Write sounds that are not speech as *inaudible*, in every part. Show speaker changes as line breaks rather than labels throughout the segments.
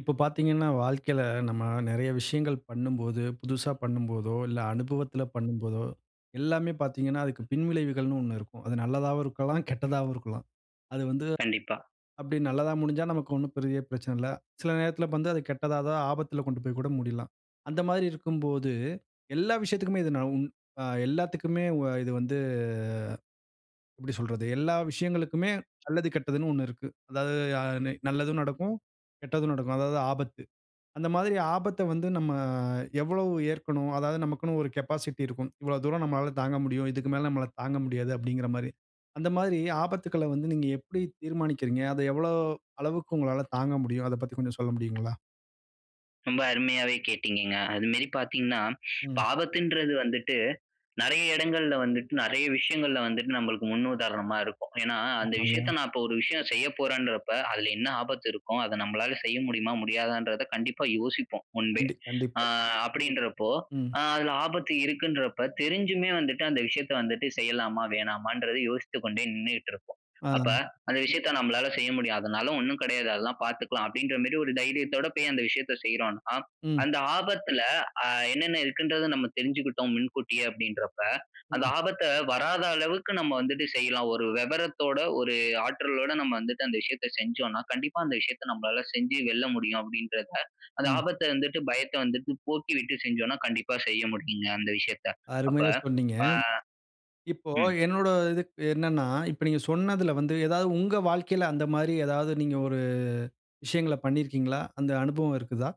இப்போ பார்த்தீங்கன்னா வாழ்க்கையில நம்ம நிறைய விஷயங்கள் பண்ணும்போது, புதுசா பண்ணும் போதோ இல்ல, அனுபவத்துல பண்ணும் போதோ எல்லாமே பார்த்தீங்கன்னா, அதுக்கு பின்விளைவுகள்ன்னு 1 இருக்கும். அது நல்லதாவும் இருக்கலாம், கெட்டதாவும் இருக்கலாம். அது வந்து
கண்டிப்பா.
அப்படி நல்லதா முடிஞ்சா நமக்கு ஒண்ணும் பெரிய பிரச்சனை இல்ல. சில நேரத்தில வந்து அது கெட்டதா, ஏதா ஆபத்துல கொண்டு போய் கூட முடியலாம். அந்த மாதிரி இருக்கும்போது எல்லா விஷயத்துக்குமே இது ந உ அ எல்லாத்துக்குமே உ இது வந்து எப்படி சொல்றது? எல்லா விஷயங்களுக்குமே நல்லது, கெட்டதுன்னு 1 இருக்கு. அதாவது யா நி நல்லதும் நடக்கும், கெட்டதும் நடக்கும். அதாவது ஆபத்து. அந்த மாதிரி ஆபத்த வந்து நம்ம எவ்வளவு ஏற்கணும்? அதாவது நமக்குன்னு ஒரு கேபாசிட்டி இருக்கும். இவ்வளவு தூரம் நம்மால தாங்க முடியும், இதுக்கு மேல நம்மலா தாங்க முடியாது, அப்படிங்கிற மாதிரி. அந்த மாதிரி ஆபத்துக்கள வந்து நீங்க எப்படி தீர்மானிக்கிறீங்க? அத எவ்வளோ அளவுக்கு உங்களால தாங்க முடியும்? அதைப் பத்தி கொஞ்சம் சொல்ல முடியுங்களா?
ரொம்ப அருமையாவே கேட்டீங்கங்க. அது மாதிரி பார்த்தீங்கன்னா, இப்ப
ம்.
ஆபத்துன்றது வந்துட்டு, நெறைய இடங்கள்ல வந்துட்டு நெறைய விஷயங்கள்ல வந்துட்டு நம்மளுக்கு முன் உதாரணமா இருக்கும். ஏனா அந்த விஷயத்த,
ஆமாங்க.
நான் இப்ப ஒரு விஷயம் செய்ய போறேன்றப்ப அதுல என்ன ஆபத்து இருக்கும்? அத நம்மளால செய்ய முடியுமா? முடியாதான்றத கண்டிப்பா யோசிப்போம், முன்பே.
கண்டி
அ
கண்டிப்பா.
அப்படின்றப்போ
ம்.
அ அதுல ஆபத்து இருக்குன்றப்ப தெரிஞ்சுமே வந்துட்டு அந்த விஷயத்த வந்துட்டு செய்யலாமா, வேணாமான்றத யோசித்து கொண்டே நின்னுகிட்டு இருப்போம்.
ஆ.
அப்ப, "அந்த விஷயத்த நம்மளால செய்ய முடியும். அதனால ஒண்ணும் கிடையாது அதெல்லாம் பாத்துக்கலாம்" அப்படின்ற மாதிரி ஒரு தைரியத்தோட போய் அந்த விஷயத்த செய்யறோம்னா,
ம்.
அந்த ஆபத்துல அ என்னென்ன இருக்குன்றத நம்ம தெரிஞ்சுகிட்டோம் முன்கூட்டியே அப்படின்றப்ப, அந்த
ம்.
ஆபத்த வராத அளவுக்கு நம்ம வந்துட்டு செய்யலாம். ஒரு விவரத்தோட, ஒரு ஆற்றலோட நம்ம வந்துட்டு அந்த விஷயத்த செஞ்சோனா கண்டிப்பா அந்த விஷயத்த நம்மளால செஞ்சு வெல்ல முடியும், அப்படின்றத அந்த
ம்.
ஆபத்த வந்துட்டு, பயத்த வந்துட்டு போக்கிவிட்டு செஞ்சோனா கண்டிப்பா செய்ய முடியுங்க, அந்த விஷயத்த. அப்ப
அருமையா சொன்னீங்க.
பா
இப்போ
ம்.
என்னுடைய இது என்னன்னா, இப்ப நீங்க சொன்னதுல வந்து ஏதாவது உங்க வாழ்க்கையில அந்த மாதிரி ஏதாவது நீங்க ஒரு விஷயங்கள பண்ணியிருக்கீங்களா? அந்த அனுபவம் இருக்குதா?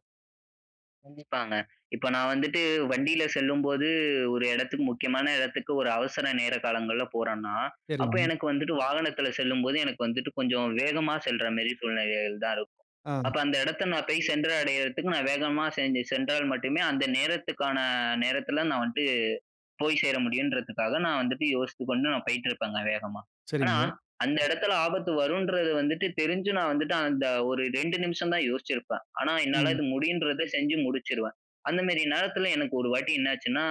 கண்டிப்பாங்க. இப்ப நான் வந்துட்டு வண்டில செல்லும்போது, ஒரு இடத்துக்கு முக்கியமான இடத்துக்கு, ஒரு அவசர நேர காலங்கள்ல போறன்னா, அப்ப
சரிங்க.
எனக்கு வந்துட்டு வாகனத்துல செல்லும்போது, எனக்கு வந்துட்டு கொஞ்சம் வேகமா செல்ற மேரி சூழ்நிலைகள் தான் இருக்கும்.
ஆ.
அப்ப அந்த இடத்த நான் போய் சென்று அடையறதுக்கு நான் வேகமா சென்று சென்றால் மட்டுமே, அந்த நேரத்துக்கான நேரத்துல, நான் வன்ட்டு போய் சேர முடியுன்றதுக்காக, நான் வந்துட்டு யோசித்து கொண்டு நான் போயிட்டுருப்பேங்க, வேகமா. ஆனா
சரிங்க.
அந்த இடத்தில ஆபத்து வரும்ன்றது வந்துட்டு, தெரிஞ்சு நான் வந்துட்டு, அந்த ஒரு 2 நிமிஷம் தான் யோசிச்சிருப்பேன். ஆனா என்னால
ம்.
இது முடியுன்றத செஞ்சு முடிச்சுருவேன். அந்த மாரி நேரத்துல, எனக்கு ஒரு வாட்டி என்னாச்சுன்னா,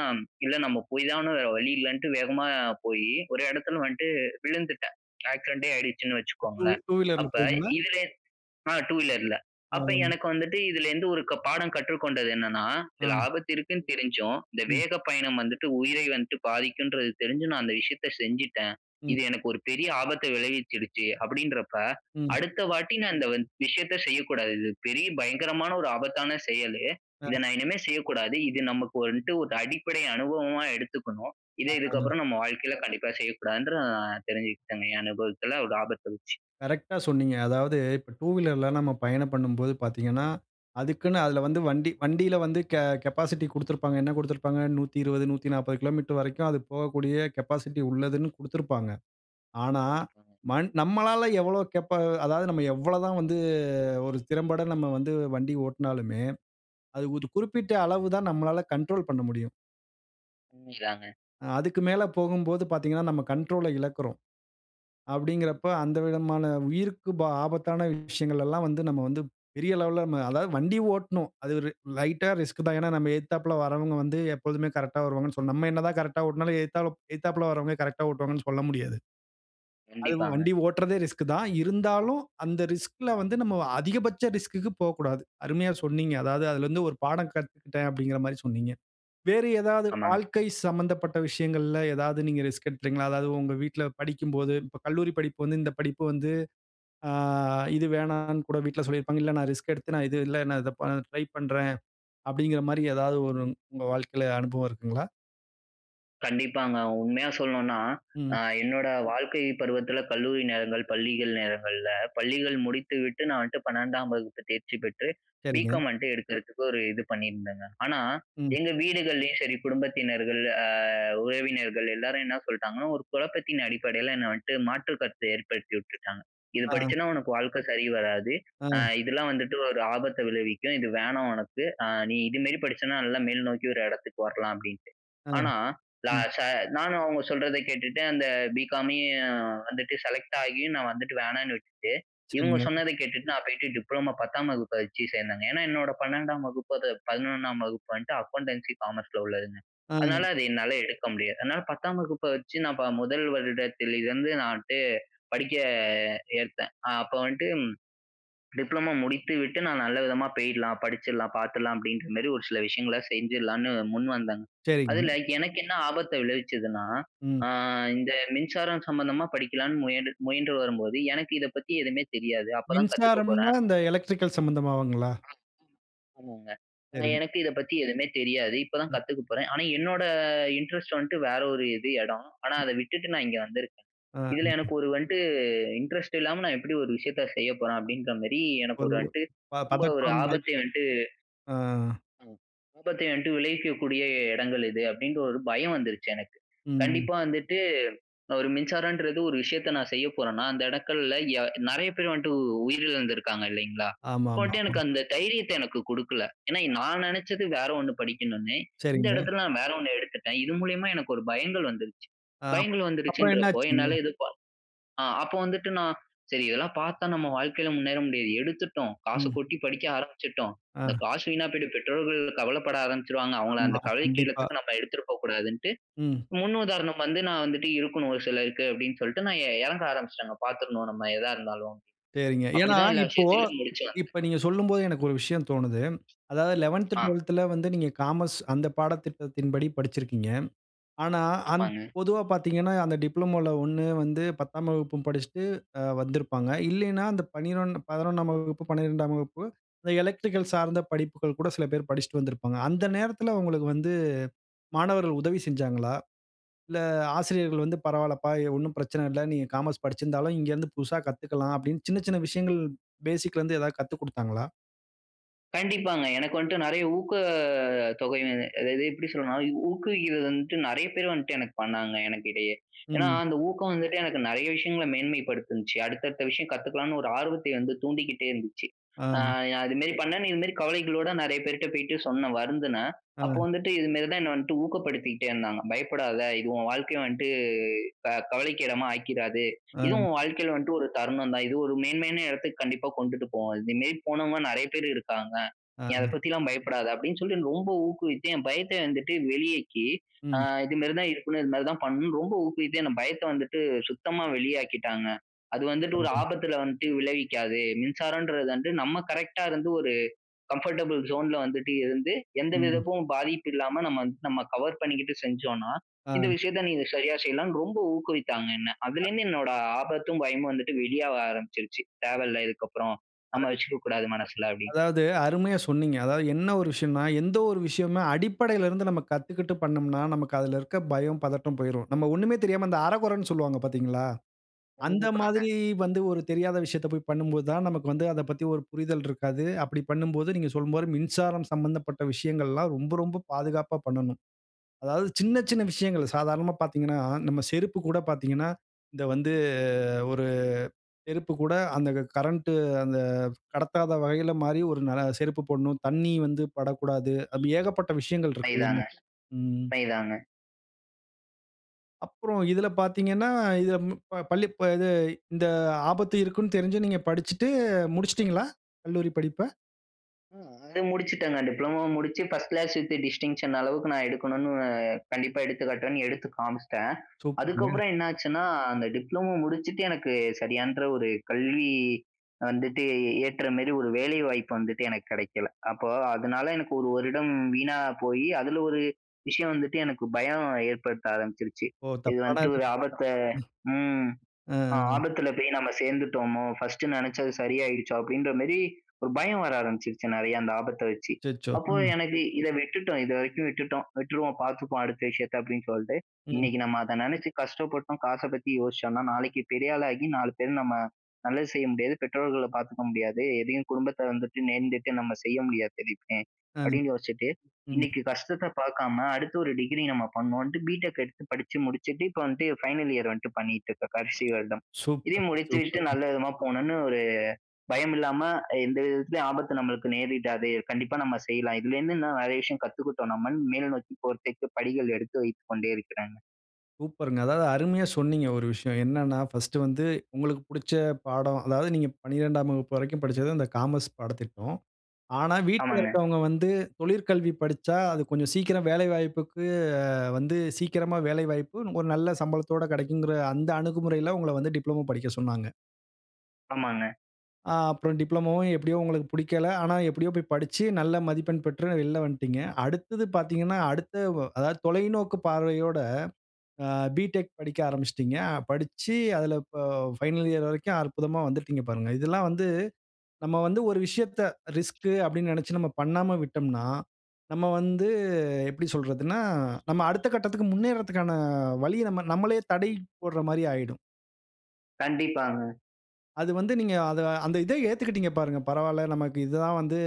இல்ல நம்ம போய்தான, வேற வழி இல்லன்ட்டு, வேகமா போயி, ஒரு இடத்துல வன்ட்டு விழுந்துட்டேன். ஆக்சிடெண்டே ஆயிடுச்சுன்னு
2
வச்சுக்கோங்களேன்.
2 வீலர்‌ல
அப்ப
போனீங்களா?
இதுலே அ 2 வீலர்‌ல. அப்ப
ஆ.
எனக்கு வந்துட்டு, இதுலேருந்து ஒரு க பாடம் கற்றுக்கொண்டது என்னனா,
ஆ.
"இதுல ஆபத்து இருக்குன்னு தெரிஞ்சும், இந்த
ம்.
வேக பயணம் வந்துட்டு, உயிரை வந்துட்டு பாதிக்கும்ன்றது தெரிஞ்சும், நான் அந்த விஷயத்த செஞ்சுட்டேன்.
ம்.
இது எனக்கு ஒரு பெரிய ஆபத்த விளைவிச்சிடுச்சு." அப்படீன்றப்ப,
ம்.
அடுத்த வாட்டி நான் இந்த வந் விஷயத்த செய்யக்கூடாது. இது பெரிய பயங்கரமான, ஒரு ஆபத்தான செயலு.
அ.
இத நான் இனிமே செய்யக்கூடாது. இது நமக்கு வன்ட்டு ஒரு அடிப்படை அனுபவமா எடுத்துக்கணும். இத
அ
இதுக்கப்புறம், நம்ம வாழ்க்கைல கண்டிப்பா செய்யக்கூடாதுன்னு, நா தெரிஞ்சுகிட்டங்க என் அனுபவத்துல, ஒரு ஆபத்த வச்சு.
கரெக்ட்டா சொன்னீங்க. அதாவது இப்ப டூவீலர்‌ல, நம்ம பயணம் பண்ணும்போது பார்த்தீங்கன்னா, அதுக்குன்னு அதுல வந்து
அ.
வண்டி வண்டில வந்து கெ கெபாசிட்டி குடுத்திருப்பாங்க. என்ன குடுத்திருப்பாங்க? 120, 140 கிலோமீட்டர் வரைக்கும் அது போகக்கூடிய கெபாசிட்டி உள்ளதுன்னு குடுத்திருப்பாங்க. ஆனா
கண்டிப்பாங்க.
மன் நம்மளால எவ்வளவு கெபா அதாவது நம்ம எவ்வளதான் வந்து ஒரு திறம்பட நம்ம வந்து வண்டி ஓட்டுனாலுமே, அது ஒரு குறிப்பிட்ட அளவு தான் நம்மளால கண்ட்ரோல் பண்ண முடியும்.
உண்மைதாங்க.
அதுக்கு மேல போகும்போது பார்த்தீங்கன்னா. நம்ம கண்ட்ரோல இழக்குறோம்.
ம்.
அப்டிங்கிறப்ப அந்த விதமான உயிருக்கு பா ஆபத்தான விஷயங்கள் எல்லாம் வந்து நம்ம வந்து பெரிய லெவல்ல, அதாவது வண்டி ஓட்டணும். அது ஒரு லைட்டா ரிஸ்க் தான். ஏன்னா நம்ம எதுத்தாப்புல வரவங்க வந்து எப்போதுமே கரெக்ட்‌டா வருவாங்கன்னு சொன் நம்ம என்ன தான் கரெக்ட்‌டா ஓட்டினாலும் எலுத்தால எதுத்தாப்புல கரெக்ட்‌டா ஓட்டுவாங்கன்னு சொல்ல முடியாது. அதுவும்
கண்டிப்பாங்க.
வண்டி ஓட்டுறதே ரிஸ்க் தான். இருந்தாலும் அந்த ரிஸ்க்‌ல வந்து நம்ம அதிகபட்ச ரிஸ்க்‌க்கு போக்கூடாது. அருமையாக சொன்னீங்க! அதாவது அதுல இருந்து ஒரு பாடம் கத்துக்கிட்டேன் அப்டிங்கிற மாரி சொன்னீங்க. வேறு ஏதாவது
ஆமாங்க.
வாழ்க்கை சம்பந்தப்பட்ட விஷயங்கள்ல எதாவது நீங்க ரிஸ்க் எடுத்துருக்கீங்களா? அதாவது உங்க வீட்டுல படிக்கும்போது இப்போ கல்லூரி படிப்பு வந்து இந்த படிப்பு வந்து அ இது வேணாம்ன்னு கூட வீட்டுல சொல்லியிருப்பாங்க. இல்ல நான் ரிஸ்க் எடுத்து நான் இது இல்ல நான் இத ப ட்ரைப் பண்றேன். அப்படின்ற மாரி எதாவது ஒரு உங்க வாழ்க்கைல அனுபவம் இருக்குங்களா?
கண்டிப்பாங்க! உண்மையா சொல்லணும்னா.
ம்.
அ என்னோட வாழ்க்கை பருவத்துல கல்லூரி நேரங்கள், பள்ளிகள் நேரங்கள்ல, பள்ளிகள் முடித்து விட்டு நான் வந்துட்டு 12 வகுப்பு தேர்ச்சி பெற்று
சரிங்க.
பி.காம் வந்துட்டு எடுக்கறதுக்கு ஒரு இது பண்ணிருந்தங்க. ஆனா,
ம்.
எங்க வீடுகள்லையும் சரி. குடும்பத்தினர்கள் அ உறவினர்கள் எல்லாரும் என்ன சொல்லிட்டாங்கன்னா, ஒரு குழப்பத்தின் அடிப்படைல என்ன வந்துட்டு மாற்று கருத்து ஏற்படுத்திவுட்டுட்டாங்க. "இது
அ.
படிச்சன்னா உனக்கு வாழ்க்க சரி வராது.
ஆ.
அ இதெல்லாம் வந்துட்டு ஒரு ஆபத்த விளைவிக்கும். இது வேணாம் உனக்கு. அ நீ இதுமேரி படிச்சனா நல்லா மேல்நோக்கி ஒரு இடத்துக்கு வரலாம்" அப்டின்ட்டு.
ஆ.
ஆனா, லா
ம்.
ச நானும் அவங்க சொல்றத கேட்டுட்டு அந்த பி.காமையும் வந்துட்டு செலக்ட் ஆகியும் நான் வந்துட்டு வேணான்னு விட்டுட்டு. இவங்க
சரிங்க.
சொன்னத கேட்டுட்டு நான் போய்ட்டு டிப்ளமோ 10 வகுப்பை வச்சு சேர்ந்தங்க. ஏன்னா, என்னோட 12 வகுப்பு அத 11 வகுப்பு வந்துட்டு அக்கவுண்டன்சி காமர்ஸ்ல உள்ளதுங்க. அதனால,
அ.
அது என்னால எடுக்க முடியாது. அதனால 10 வகுப்பை வச்சு நான் ப 1 வருடத்துல இருந்து நான் வந்துட்டு படிக்க ஏற்தேன். அ அப்ப வந்துட்டு டிப்ளமோ முடித்து விட்டு நான் நல்ல விதமா போயிடலாம் படிச்சிடலாம் பார்த்துடலாம் அப்டின்ற மாரி ஒரு சில விஷயங்கள செஞ்சிடலாம்னு முன் வந்தங்க.
சரிங்க.
அதுல எனக்கு என்ன ஆபத்த விளைவிச்சதுன்னா,
ம்.
அ இந்த மின்சாரம் சம்மந்தமா படிக்கலாம்னு முயன் முயன்று வரும்போது எனக்கு இத பத்தி எதுவுமே தெரியாது. அப்போ தான் கத்துக்க
மின்சாரம்னா,
போறேன்.
இந்த எலக்ட்ரிக்கல் சம்மந்தமாவுங்களா?
*unintelligible* ஆமாங்க
சரிங்க.
எனக்கு இத பத்தி எதுவுமே தெரியாது! இப்ப தான்
ம்.
கத்துக்க போறேன். ஆனா, என்னோட இன்ட்ரெஸ்ட் வந்துட்டு வேற ஒரு இது இடம். ஆனா, அத விட்டுட்டு நான் இங்க வந்துருக்கேன்.
அ
இதுல எனக்கு ஒரு வந்துட்டு இன்ட்ரெஸ்ட் இல்லாம நான் எப்டி ஒரு விஷயத்த செய்ய போறேன் அப்படிங்கிற மாரி எனக்கு
ஒரு
ஒரு
*unintelligible*
வந்துட்டு
ப
ரொம்ப ஒரு
பதற்றம். பயம்.
ஆபத்த வந்துட்டு
ஆ.
அ ஆபத்தை வந்துட்டு விளைவிக்கக்கூடிய இடங்கள் இது அப்படின்னு ஒரு பயம் வந்துருச்சு எனக்கு.
ம்.
கண்டிப்பா வந்துட்டு ஒரு மின்சாரம்ன்றது ஒரு விஷயத்த நான் செய்ய போறனா அந்த இடங்கள்ல நெறைய பேர் வந்துட்டு உ உயிரிழந்து இருக்காங்க இல்லைங்களா? அப்ப வந்துட்டு
ஆமாமாமா.
எனக்கு அந்த தைரியத்த எனக்கு குடுக்கல. ஏன்னா,
*unintelligible*
நான் நெனச்சது வேற ஒண்ணு படிக்கணும்னு இந்த
சரிங்க.
இடத்துல நான் வேற ஒண்ணு எடுத்துட்டேன். இது மூலியமா எனக்கு ஒரு பயங்கள் வந்துருச்சு.
அ.
பயங்கள்
அப்புறம் என்ன
வந்துருச்சுடுறப்போ
ஆச்சுங்க?
என்னால ப அ அப்போ வந்துட்டு நான் சரி இதெல்லாம் பார்த்தா நம்ம வாழ்க்கைல முன்னேற முடியாது. எடுத்துட்டோம்! காசு
ம்.
கொட்டி படிக்க ஆரம்பிச்சுட்டோம்! இந்த
அ.
காசு வீணா போயிட்டு. பெற்றோர்கள் கவலைப்பட ஆரம்பிச்சுருவாங்க. அவங்கள
ஆமா
அந்த கவலைக்கு
கண்டிப்பா.
இடத்துக்கு நம்ம எடுத்துட்டு போகக்கூடாதுன்ட்டு.
ம்.
முன் உதாரணம் வந்து நான் வந்துட்டு இருக்கணும் ஒரு சிலருக்கு அப்படின்னு சொல்லிட்டு நான் எ இறங்க ஆரம்பிச்சுட்டேங்க பார்த்துரணும் நம்ம எதா இருந்தாலும்.
சரிங்க.
அப்டி
ஏன்னா
தான் எல்லா
இப்போ,
விஷயத்திலயும் முடிச்சு வந்தேன்.
இப்ப நீங்க சொல்லும்போது எனக்கு ஒரு விஷயம் தோணுது. அதாவது லெவெந்த்,
அ.
ட்வெல்த்துல வந்து நீங்க காமர்ஸ். அந்த பாடத்திட்டத்தின் படி படிச்சுருக்கீங்க. ஆனா அந்
ஆமாங்க.
பொதுவா பார்த்தீங்கன்னா அந்த டிப்ளோமோல ஒண்ணு வந்து பத்தாம் வகுப்பு படிச்சுட்டு அ வந்திருப்பாங்க. இல்லைனா அந்த பனினொன் 11ஆம் வகுப்பு, 12ஆம் வகுப்பு அந்த எலக்ட்ரிக்கல் சார்ந்த படிப்புகள் கூட சில பேர் படிச்சுட்டு வந்திருப்பாங்க. அந்த நேரத்துல உங்களுக்கு வந்து மாணவர்கள் உதவி செஞ்சாங்களா? இல்ல ஆசிரியர்கள் வந்து, "பரவால்லப்பா எ ஒண்ணும் பிரச்சன இல்ல. நீங்க காமர்ஸ் படிச்சுருந்தாலும் இங்க இருந்து புதுசா கத்துக்கலாம்" அப்படின்னு சின்ன சின்ன விஷயங்கள் பேசிக்ல இருந்து எதாவது கத்துக் கொடுத்தாங்களா?
கண்டிப்பாங்க. எனக்கு வந்துட்டு நிறைய ஊக்கத் தொகை அதாவது, எப்பிடி சொல்றன்னா, ஊக்குவிக்கிறது வந்துட்டு நிறைய பேர் வந்துட்டு எனக்கு பண்ணாங்க எனக்கு இடையே. ஏன்னா,
ம்.
அந்த ஊக்கம் வந்துட்டு எனக்கு நிறைய விஷயங்களை மேன்மை படுத்துனுச்சு, அடுத்த அடுத்த விஷயம் கத்துக்கலான்னு ஒரு ஆர்வத்தை வந்து தூண்டிக்கிட்டே இருந்துச்சு.
ஆ.
அ அதுமாரி பண்ணேன், இதுமாரி கவலைகளோட நிறைய பேர்ட்ட போயிட்டு சொன்னேன் வருந்துனேன்.
ஆ.
அப்போ வந்துட்டு இதுமாரி தான் என்ன வந்துட்டு ஊக்கப்படுத்திகிட்டே இருந்தாங்க. பயப்படாத! இது உன் வாழ்க்கை வந்துட்டு இப்ப கவலைக்கு இடமா ஆக்கிராது.
ஆ.
இதுவும் உன் வாழ்க்கையில வந்துட்டு ஒரு தருணம் தான். இது ஒரு மேன்மையான இடத்துக்கு கண்டிப்பா கொண்டுட்டு போவோம். இதுமாரி போனவங்க நிறைய பேர் இருக்காங்க.
ஆ.
நீ அத பத்தில்லாம் பயப்படாத! அப்பிடின்னு சொல்லி ரொம்ப ஊக்குவித்து என் பயத்த வந்துட்டு வெளியேற்றி அ
ம்.
இதுமாரி தான் இருக்கணும், இதுமாரி தான் பண்ணனும் ரொம்ப ஊக்குவித்து என் பயத்த வந்துட்டு சுத்தமா வெளியாக்கிட்டாங்க. அது வந்துட்டு, ஒரு
*unintelligible*
ஆபத்துல வந்துட்டு விளைவிக்காது. மின்சாரன்றது வந்து நம்ம கரெக்ட்‌டா இருந்து ஒரு கம்ஃபர்டபிள் ஜோன்ல வந்துட்டு இருந்து, எந்த
ம்.
விதக்கும் பாதிப்பு இல்லாம நம்ம நம்ம கவர் பண்ணிக்கிட்டு செஞ்சோன்னா,
ஆ.
இந்த விஷயத்த நீ சரியா செய்யலாம் ரொம்ப ஊக்குவித்தாங்க என்ன.அதுல
அ
இருந்து என்னோட ஆபத்தும் பயமும் வந்துட்டு வெளியாக ஆரம்பிச்சுருச்சு. தேவ இல்ல இதுக்கப்பறம், நம்ம
*unintelligible*
வச்சுக்க கூடாது மனசுல அப்பிடின்னு.
அதாவது அருமையா சொன்னீங்க. அதாவது என்ன ஒரு விஷயன்னா, எந்த ஒரு விஷயமே அடிப்படையில இருந்து நம்ம கத்துக்கிட்டு பண்ணம்னா, நமக்கு அதில இருக்க பயம், பதட்டம், போயிரும். நம்ம ஒன்னுமே தெரியாம, அந்த அரை குறைன்னு சொல்வாங்க பார்த்தீங்களா? அந்த
கண்டிப்பாங்க.
மாதிரி வந்து ஒரு தெரியாத விஷயத்த போய் பண்ணும்போது தான் நமக்கு வந்து, அத பத்தி ஒரு புரிதல் இருக்காது. அப்பிடி பண்ணும்போது நீங்க சொல்லும்போது மின்சாரம் சம்பந்தப்பட்ட விஷயங்கள்லாம் ரொம்ப ரொம்ப பாதுகாப்பா பண்ணணும். அதாவது சின்ன சின்ன
ஆமாங்க.
விஷயங்கள் சாதாரணமா பார்த்தீங்கன்னா, நம்ம செருப்பு கூட பார்த்தீங்கன்னா இது வந்து ஒரு செருப்பு கூட அந்த கரண்ட் அந்த கடத்தாத வகையில மாறி ஒரு நல்ல செருப்பு போடணும். தண்ணீர் வந்து படக்கூடாது. அப்பிடி ஏகப்பட்ட விஷயங்கள்
பை தாங்க,
இருக்குதுங்க. ம்.
பை தாங்க.
அப்புறம் இதில பார்த்தீங்கன்னா, இதில ப பள்ளி இது இந்த ஆபத்து இருக்குன்னு தெரிஞ்சு நீங்க படிச்சிட்டு முடிச்சிட்டீங்களா? கல்லூரி படிப்ப.
அ அது முடிச்சுட்டேங்க. டிப்ளமோ முடிச்சு, பர்ஸ்ட் கிளாஸ் வித் டிஸ்டிங்ஷன் அளவுக்கு நான் எடுக்கணுனு கண்டிப்பா எடுத்து காட்டுறேன்னு, எடுத்து காமிச்சுட்டேன்.
சூப்பருங்க.
அதுக்கப்புறம் என்னாச்சுன்னா, அந்த டிப்ளமோ முடிச்சுட்டு எனக்கு சரியான்ற ஒரு கல்வி வந்துட்டு, ஏற்றமாரி ஒரு வேலைவாய்ப்பு வந்துட்டு எனக்கு கிடைக்கல. அப்போ அதனால எனக்கு 1 வருடம் வீணா போயி, அதுல ஒரு விஷயம் வந்துட்டு எனக்கு பயம் ஏற்படுத்த ஆரம்பிச்சிருச்சு.
ஓ!
இது
தப்பான
வந்துட்டு
இது
ஒரு ஆபத்த ம்
ம்.
அ
ம், ம்.
"ஆபத்தில போய் நம்ம சேர்ந்துட்டோாமோ! பர்ஸ்ட்டு நினச்சது சரியாகிடுச்சோ!" அப்பிடின்றமாரி ஒரு பயம் வர ஆரம்பிச்சிருச்சு. நிறைய அந்த ஆபத்த வச்சு.
அச்சச்சோ!
அப்போ
ம்.
எனக்கு இத விட்டுட்டோம் இது வரைக்கும் விட்டுட்டோம், விட்டுருவோம், பார்த்துப்போம் அடுத்த விஷயத்த அப்பிடின்னு சொல்ட்டு,
ம்.
இன்னக்கி நம்ம அத நினச்சு கஷ்டப்பட்டோம். காச பத்தி யோசிச்சோனா, நாளைக்கி பெரியாளா ஆகி 4 பேர் நம்ம நல்லது செய்ய முடியாது. பெற்றோர்கள பார்த்துக்க முடியாது. எதையும் குடும்பத்தை வந்துட்டு நேர்ந்துட்டு நம்ம செய்ய முடியாது *unintelligible*
ஆ,
அப்பிடின்னு யோசிட்டு,
ம்.
இன்னக்கி கஷ்டத்த பார்க்காம அடுத்து ஒரு டிகிரி நம்ம பண்ணோன்டு பி டெக் எடுத்து படிச்சி முடிச்சிட்டு, இப்போ வந்ட்டு ஃபைனல் இயர் வந்ட்டு பண்ணிட்டு இருக்கேன். இப்ப கடைசி வருடம்
சூப்பர்,
இதையும் முடித்து விட்டு நல்ல
சூப்பருங்க.
விதமா போணுன்னு, ஒரு பயம் இல்லாம எந்த விதத்திலும் ஆபத்து நமக்கு நேரிடாது. கண்டிப்பா நம்ம செய்யலாம். இதுலருந்து நிறைய விஷயம் கத்துக்கிட்டோம் நம்மன்னு. மேல நோக்கி போறதுக்கு படிகள் எடுத்து வைத்துக் கொண்டே இருக்கிறேங்க.
சூப்பர்ங்க. அதாவது அருமையா சொன்னீங்க. ஒரு விஷயம். என்னன்னா ஃபர்ஸ்ட் வந்து உங்களுக்கு புடிச்ச பாடம். அதாவது நீங்க 12ம் வகுப்பு வரைக்கும் படிச்சது, அந்த காமர்ஸ் பாடத்திட்டம். ஆனா, வீட்ல
ஆமாங்க.
இருக்கிறவஙு்க வந்து, தொழிற்கல்வி படிச்சா, அது கொஞ்சம் சீக்கிரம் வேலை வாய்ப்புக்கு வந்து, சீக்கிரமா வேலை வாய்ப்பு, ஒரு நல்ல சம்பளத்தோடு கிடைக்குங்கற அந்த அணுகுமுறையில, உங்கள வந்து டிப்ளமோ படிக்க சொன்னாங்க.
ஆமாங்க.
ஆ அப்புறம் டிப்ளோமோவும் எப்டியும் உங்களுக்கு பிடிக்கல. ஆனா, எப்பிடியோ போயி படிச்சு நல்ல மதிப்பெண் பெற்று வெளில வந்துடீங்க. அடுத்தது பார்த்தீங்கன்னா, அடுத்த அதாவது தொலைநோக்கு பார்வையோட ஆ B.Tech படிக்க ஆரம்பிச்சிடீங்க. படிச்சி அதில ப பைனல் இயர் வரைக்கும் அற்புதமா வந்துட்டீங்க பாருங்க. இதெல்லாம் வந்து நம்ம வந்து ஒரு விஷயத்த ரிஸ்க்கு அப்டினு நினைச்சி நம்ம பண்ணாம விட்டோம்னா, நம்ம வந்து எப்படி சொல்றதுனா, நம்ம அடுத்த கட்டத்துக்கு முன்னேறதுக்கான வழிய நம்ம நம்மளே தடை போடுற மாரி ஆயிடும்.
கண்டிப்பாங்க.
அது வந்து நீங்க அத அந்த இத ஏத்துக்கிட்டீங்க, பாருங்க. பரவால்ல, நமக்கு இது தான் வந்து,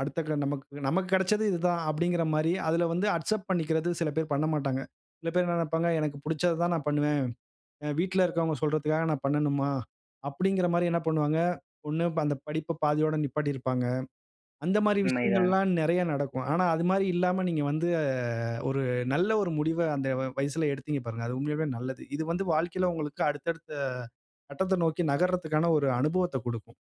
அடுத்த க நமக்கு நமக்கு கிடைச்சது இது தான். அப்டிங்கற மாரி, அதில வந்து அக்செப்ட் பண்ணிக்கிறது சில பேர் பண்ணமாட்டாங்க. சில பேர் என்ன நினைப்பாங்க, "எனக்கு புடிச்சத தான் நான் பண்ணுவேன். அ வீட்ல இருக்குறவங்க சொல்றதுகாக நான் பண்ணணுமா?" அப்டிங்கற மாரி என்ன பண்ணுவாங்க? 1 அந்த படிப்ப பாதியோட நிப்பாட்டி இருப்பாங்க. அந்த மாரி
உண்மைதான்.
விஷயங்கள்லாம் நிறைய நடக்கும். ஆனா, அது மாரி இல்லாம நீங்க வந்து, அ ஒரு நல்ல ஒரு முடிவ, அந்த வ வயசுல எடுத்தீங்க, பாருங்க. அது உண்மையாவே நல்லது. இது வந்து வாழ்க்கையில உங்களுக்கு அடுத்த, அடுத்த கட்டத்த நோக்கி நகரதுக்கான ஒரு அனுபவத்த குடுக்கும்.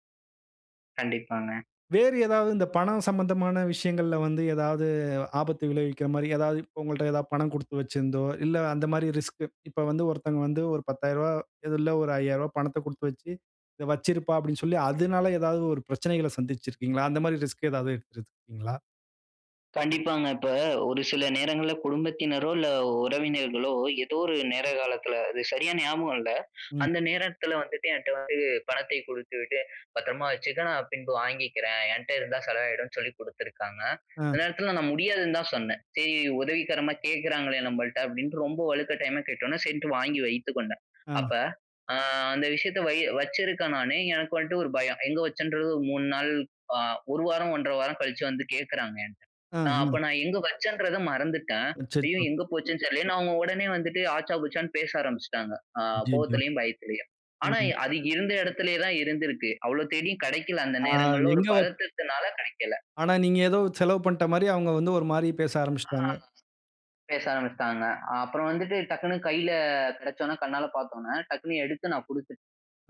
கண்டிப்பாங்க.
வேறு ஏதாவது இந்த பணம் சம்பந்தமான விஷயங்கள்ல வந்து ஏதாவது ஆபத்து விளைவிக்கிறமாரி, ஏதாவது இப்ப உங்கள்ட்ட எதா பணம் கொடுத்து வச்சிருந்தோ! இல்ல, அந்தமாரி ரிஸ்க். இப்ப வந்து, ஒருத்தங்க வந்து, 1 ரூ. 10,000, இதுல்ல ரு. 5,000 ரூவா பணத்த குடுத்து வச்சி, இத வச்சிருப்பா! அப்பிடின்னு சொல்லி, அதுனால ஏதாவது ஒரு பிரச்சனைகள சந்திச்சிருக்கீங்களா? அந்தமாரி ரிஸ்க் ஏதாவது எடுத்து இருக்கிறீங்களா?
கண்டிப்பாங்க. இப்ப, ஒரு சில நேரங்கள்ல குடும்பத்தினரோ, இல்ல, உறவினர்களோ ஏதோ ஒரு நேர, காலத்துல அது சரியா ஞாபகம் இல்ல.
ம்.
அந்த நேரத்துல வந்துட்டு, என்ட்ட வந்து பணத்தை கொடுத்துவிட்டு, பத்தரமா வச்சிக்க, நான் பின்பு வாங்கிக்கிறேன். என்ட்ட இருந்தா செலவு ஆயிடுனு சொல்லி குடுத்துருக்காங்க. இந்த
ஆ.
நேரத்துல நான் முடியாதுன்னு தான் சொன்னேன். "சரி, உதவிகரமா கேக்குறாங்களே! நம்மள்ட்ட" அப்பிடின்னு ரொம்ப வழுக்கட்டாயமா கேட்ட உடனே, சரின்டு வாங்கி வைத்து கொண்டேன்.
ஆ.
அப்ப, அ அந்த விஷயத்த வை வச்சிருக்கேன் நானே! எனக்கு வந்துட்டு ஒரு பயம். எங்க வச்சேன்றது 1 3 நாள், அ 1 வாரம், 1 1/2 வாரம் கழிச்சு வந்து கேக்குறாங்க என்னை.
ஆ,
நான் அப்ப,
ஆ.
நான் எங்க வச்சேன்றத மறந்துட்டேன். "ஐயோ!
அச்சச்சோ!
எங்க போச்சேன்னு தெரியலயே!". அவுங்க உடனே வந்துட்டு, ஆச்சா, பூச்சான்னு பேச ஆரம்பிச்சுட்டாங்க. அ
அய்யயோ!
கோவத்திலயும், பயத்துலயும்.
ம்.
ஆனா,
ம்.
அது இருந்த இடத்துலே தான் இருந்துருக்கு. அவ்ளோ தேடியும் கிடைக்கல. அந்த
ஆ,
நேரங்கள்ல ஒரு
எங்க வச்
பதட்டத்தினால கிடைக்கல.
ஆனா, நீங்க ஏதோ செலவு பண்ணிட்டமாரி, அவுங்க வந்து ஒருமாரி பேச
அ
ஆரம்பிச்சுட்டாங்க.
ஆரம்பிச்சு பேச ஆரம்பிச்சிட்டாங்க. அப்புறம் வந்துட்டு டக்குனு கையில கிடச்சவுடன, கண்ணால பார்த்த உடனே, டக்குனு எடுத்து நான் குடுத்துட்டேன்.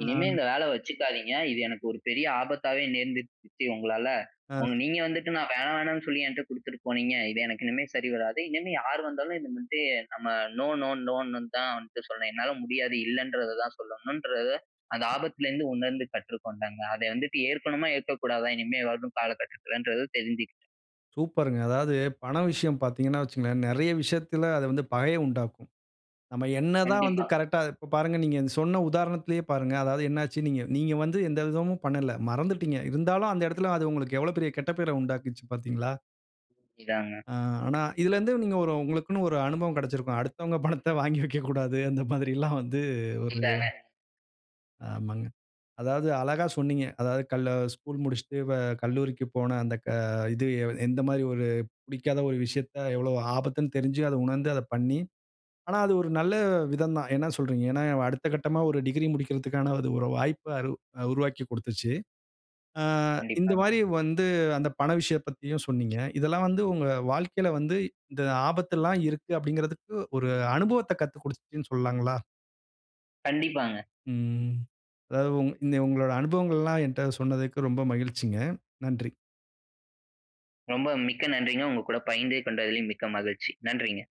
"இனிமே
ஆ.
இந்த வேல வச்சுக்காதீங்க! இது எனக்கு ஒரு பெரிய ஆபத்தாவே நேர்ந்துருச்சு. சித்தி உங்களால.
ஆ.
ஒண்ணு நீங்க வந்துட்டு, நான் வேணா, வேணான்னு சொல்லி, என்ட்ட கொடுத்துட்டு போனீங்க. இது எனக்கு இனிமே சரி வராது." இனிமே யார் வந்தாலும் இதுமாதிரி நம்ம நோ நோ நோன்னு தான் வந்துட்டு சொல்லணும். என்னால முடியாது. இல்லன்றத தான் சொல்லணுன்றத அந்த ஆபத்துலேருந்து உணர்ந்து கற்றுக்கொண்டேங்க. அத வந்துட்டு ஏற்கணுமா! ஏற்கக்கூடாதா! இனிமே வரும் கால கட்டத்துலன்றது தெரிஞ்சுக்கிட்டேன்.
சூப்பருங்க. அதாவது பண விஷயம் பார்த்தீங்கன்னா வச்சிக்கங்களேன்! நிறைய விஷயத்தில அது வந்து பகைய உண்டாக்கும். நம்ம என்னதான் வந்து
கண்டிப்பா.
கரெக்ட்டா இப்ப பாருங்க நீங்க அந்த சொன்ன உதாரணத்திலேயே பாருங்க. அதாவது என்னாச்சு நீங்க, நீங்க வந்து எந்த விதமும் பண்ணல. மறந்துட்டீங்க. இருந்தாலும், அந்த இடத்தில அது உங்களுக்கு எவ்வளவு பெரிய கெட்ட பேர உண்டாக்கிருச்சு பார்த்தீங்களா?
இதாங்க.
ஆ ஆனா இதில இருந்து நீங்க ஒரு உங்களுக்குன்னு ஒரு அனுபவம் கிடச்சிருக்கும். அடுத்தவங்க பணத்த வாங்கி வைக்கக்கூடாது, அந்த மாதிரில்லாம் வந்து ஒரு
இதானே!
ஆமாங்க. அதாவது அழகா சொன்னீங்க. அதாவது கல் ஸ்கூல் முடிச்சிட்டு வ கல்லூரிக்கு போன அந்த க இது எந்தமாரி ஒரு பிடிக்காத ஒரு விஷயத்த எவ்ளோ ஆபத்துன்னு தெரிஞ்சு, அத உணர்ந்து அத பண்ணி, ஆனா அது ஒரு நல்ல விதம் தான். என்ன சொல்கிறீங்க? ஏன்னா, அடுத்த கட்டமா ஒரு டிகிரி முடிக்கிறதுக்கான இது ஒரு வாய்ப்ப அரு அ உருவாக்கிக் கொடுத்துச்சு. ஆ
கண்டிப்பாங்க.
இந்தமாரி வந்து அந்த பண விஷயம் பத்தியும் சொன்னீங்க. இதெல்லாம் வந்து உங்க வாழ்க்கையில வந்து இந்த ஆபத்து எல்லாம் இருக்கு. அப்பிடிங்கிறதுக்கு ஒரு அனுபவத்த கத்துக் கொடுத்துச்சுன்னு சொல்லாங்களா?
கண்டிப்பாங்க.
ம். அதாவது உங் உங்களோட அனுபவங்கள் எல்லாம் என்ட சொன்னதற்கு ரொம்ப மகிழ்ச்சிங்க. நன்றி.
ரொம்ப மிக்க நன்றிங்க. உங்க கூட பகிர்ந்து கொண்டதிலும் மிக்க மகிழ்ச்சி. நன்றிங்க.